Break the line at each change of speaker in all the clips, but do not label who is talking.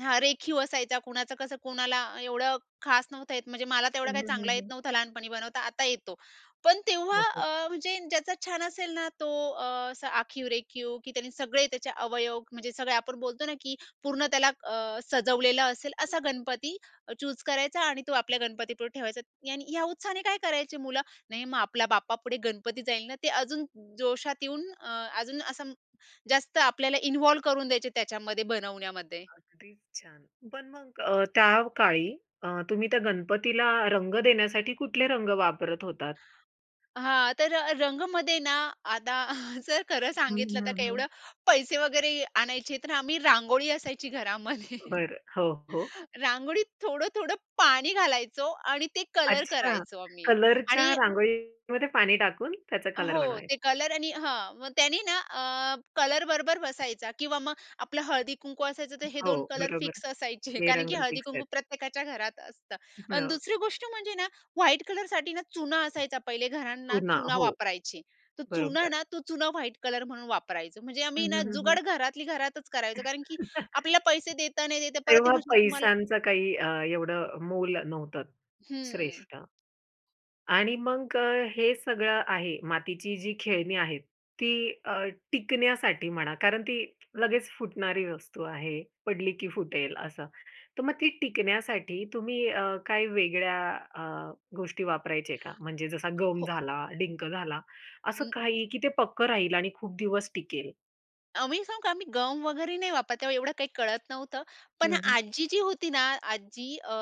हां, रेखीव असायचा, कुणाचं कसं कोणाला एवढं खास नव्हतं येत, म्हणजे मला तेवढा
हं,
काही
हं, हं,
चांगला येत
हं.
नव्हता लहानपणी बनवता, आता येतो. पण तेव्हा
हो, हो.
अ, म्हणजे ज्याचा छान असेल ना, तो अ, असा आखीव-रेखीव की त्याने सगळे त्याचे अवयव म्हणजे सगळे आपण बोलतो ना, की पूर्ण त्याला अ, सजवलेलं असेल, असा
[unintelligible]
गणपती अ, चूज करायचा आणि तो आपल्या गणपतीपुढे ठेवायचा आणि ह्या उत्साहाने काय करायचे मुलं, "नाही मग आपल्या बाप्पापुढे गणपती जाईल ना," ते अजून जोशात येऊन अ, अजून असं जास्त आपल्याला इन्व्हॉल्व करून द्यायचे त्याच्यामध्ये, बनवण्यामध्ये.
अगदीच छान. पण मग अ, त्या काळी अ, तुम्ही त्या गणपतीला रंग देण्यासाठी कुठले रंग वापरत होतात?
हां, तर अ, रंगमध्ये ना आता जर खरं
हं,
सांगितलं तर
हं,
काय
हं.
एवढं पैसे वगैरे आणायचे, तर आम्ही रांगोळी असायची घरामध्ये
बरं. हो, हो.
रांगोळीत थोडं-थोडं पाणी घालायचो आणि ते कलर
अच्छा,
करायचो आम्ही.
कलरच्या
आणि
रांगोळीमध्ये पाणी टाकून त्याचा कलर
हो,
बनवायचं?
ते कलर आणि हां, मग त्यांनी ना अ, कलर बरोबर बसायचा किंवा मग आपलं हळदी-कुंकू असायचं, तर हे
हो.
दोन कलर
बरोबर,
फिक्स असायचे,
हे
कारण की
रंग फिक्स
हळदी-कुंकू
आहेत.
प्रत्येकाच्या घरात असतं आणि
हं.
दुसरी गोष्ट म्हणजे ना व्हाईट कलरसाठी ना, चुना असायचा पहिले घरांना
चुना.
चुना
हो.
वापरायची. तर चुना
बरोबर.
ना तो चुना व्हाईट कलर म्हणून वापरायचं. म्हणजे
हं,
आम्ही ना
हं, हं,
जुगाड
हं.
घरातली घरातच करायचो कारण की आपल्याला पैसे देता, नाही देता परत ते
तेव्हा
म्हणशील तुम्हाला
पैशांचं काही अ, एवढं अ, मोल नव्हतं
हम्म.
श्रेष्ठ. आणि मग अ, हे सगळं आहे मातीची जी खेळणी आहेत. ती अ, टिकण्यासाठी म्हणा कारण ती लगेच फुटणारी वस्तू आहे, पडली की फुटेल असं, तर मग ती टिकण्यासाठी तुम्ही अ, काही वेगळ्या अ, गोष्टी वापरायचे का म्हणजे जसा गम
हो.
झाला, डिंक झाला असं
हं.
काही की ते पक्कं राहील आणि खूप दिवस टिकेल?
अ, मी सांगू का, आम्ही गम वगैरे नाही वापरत. तेव्हा एवढं काही कळत नव्हतं. पण
हं, हं.
आजी जी होती ना, आज्जी अ,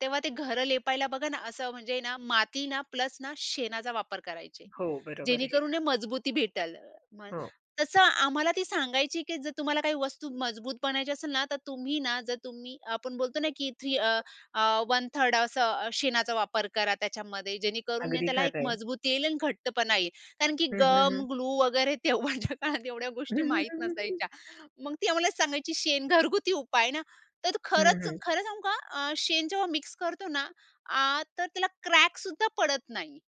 तेव्हा ते घरं लेपायला बघा ना, असं म्हणजे ना माती ना प्लस ना शेणाचा वापर करायचे,
हो, बरोबर आहे. हे
जेणेकरून
खरं.
हे मजबूती भेटेल. मग
हो.
तसं आम्हाला ती सांगायची, की जर तुम्हाला काही वस्तू मजबूत बनवायची असेल ना, तर तुम्ही ना जर तुम्ही आपण बोलतो ना की 3 अ, अ, 1/3र्ड असा अ, शेणाचा वापर करा त्याच्यामध्ये, जेणेकरून ना
अगदी
त्याला एक
खरं आहे.
मजबूती येईल आणि घट्टपणा येईल कारण की
हं, हं,
गम,
हं.
ग्लू वगैरे तेव्हाच्या काळात एवढ्या गोष्टी माहीत नसायच्या. मग ती आम्हाला सांगायची शेण घरगुती उपाय ना, तर तो
हं,
खरंच
हं.
खरं सांगू का अ, शेण जेव्हा मिक्स करतो ना, आ तर त्याला क्रॅक सुद्धा पडत नाही.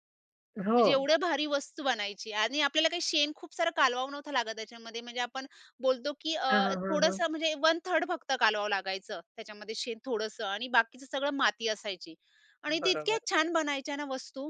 म्हणजे
हो.
एवढ्या भारी वस्तू बनायची आणि आपल्याला काही शेण खूप सारं कालवावं नव्हतं लागत त्याच्यामध्ये, म्हणजे आपण बोलतो की
हां,
अ,
हां, हां, हां.
थोडंसं म्हणजे 1/3र्ड फक्त कालवावं लागायचं त्याच्यामध्ये शेण थोडंसं आणि बाकीचं सगळं माती असायची आणि तितक्या
बरोबर.
छान बनायच्या ना वस्तू.